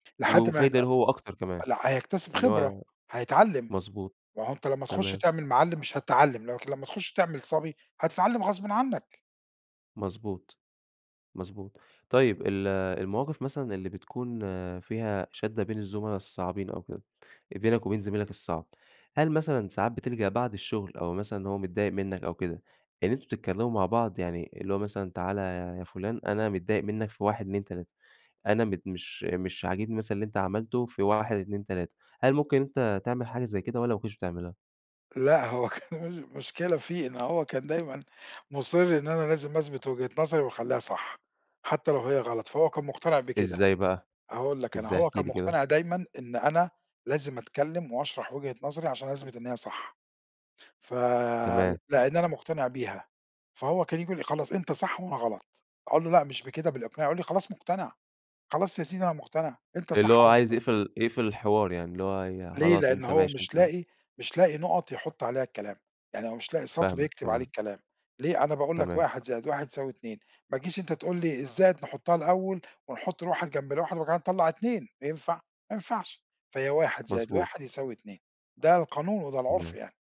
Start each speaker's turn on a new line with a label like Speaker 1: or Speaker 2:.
Speaker 1: و
Speaker 2: لحد ما يت
Speaker 1: وفايدة ليه هو أكتر كمان،
Speaker 2: لأ هيكتسب
Speaker 1: إن
Speaker 2: خبرة،
Speaker 1: هو
Speaker 2: هيتعلم،
Speaker 1: مضبوط،
Speaker 2: ما هو أنت لما تخش
Speaker 1: تمام.
Speaker 2: تعمل معلّم مش هتتعلم لم لمّا تخش تعمل صبي هتتعلم غصبًا عنك.
Speaker 1: مضبوط، مضبوط. طيب ال المواقف مثلًا اللي بتكون فيها شَدة بين الزملا الصعبين أو كده بينك وبين زميلك الصعب، هل مثلًا ساعات بتلجأ بعد الشغل أو مثلًا اللي هو متضايق منك أو كده، إن أنتم بتتكلموا مع بعض؟ يعني اللي هو مثلًا تعالَ يا فلان أنا متضايق منك في 1 2 3، أنا متض مش مش عاجبني مثلًا اللي أنت عملته في 1 2 3، هل ممكن أنت ممكن تعمل حاجة زي كده والّا ما كنتش بتعملها؟
Speaker 2: لأ هو كان مشكلة فيه إن هو كان دايمًا مُصِر إن أنا لازم أثبت وجهة نظري وأخلّيها صح، حتى لو هي غلط، فهو كان مقتنع بكده.
Speaker 1: إزاي بقى؟
Speaker 2: أقول لك أنا
Speaker 1: إزاي
Speaker 2: هو
Speaker 1: احكِ
Speaker 2: كان
Speaker 1: لي كده؟
Speaker 2: مقتنع دايمًا إن أنا لازم أتكلم واشرح وجهة نظري عشان أثبت إن هي صح، ف
Speaker 1: تمام.
Speaker 2: لأن أنا مقتنع بيها، فهو كان ييجي يقول لي: "خلاص أنت صح وأنا غلط"، أقول له: "لأ مش بكده، بالإقناع"، يقول لي: "خلاص مقتنع، خلاص يا سيدي أنا مقتنع أنت
Speaker 1: اللي
Speaker 2: صح
Speaker 1: هو
Speaker 2: وأنا
Speaker 1: عايز
Speaker 2: غلط.".
Speaker 1: يقفل يقفل الحوار يعني، اللي هو ي
Speaker 2: ليه؟
Speaker 1: خلاص
Speaker 2: لأن
Speaker 1: أنت
Speaker 2: هو
Speaker 1: ماشي
Speaker 2: مش
Speaker 1: أنت
Speaker 2: لاقي مش لاقي نُقط يحط عليها الكلام، يعني هو مش لاقي سطر
Speaker 1: فاهمك
Speaker 2: يكتب عليه
Speaker 1: تمام.
Speaker 2: الكلام، ليه؟ أنا باقول لك
Speaker 1: تمام.
Speaker 2: 1 زائد 1 يساوي 2، ما تجيش أنت تقول لي الزائد نحطها الأول ونحط ال1 جنب ال1 وبعد كده نطلَّع 2، ينفع؟ ما ينفعش، فهي 1 زائد
Speaker 1: مضبوط.
Speaker 2: 1 يساوي 2، ده القانون وده العُرف
Speaker 1: تمام.
Speaker 2: يعني.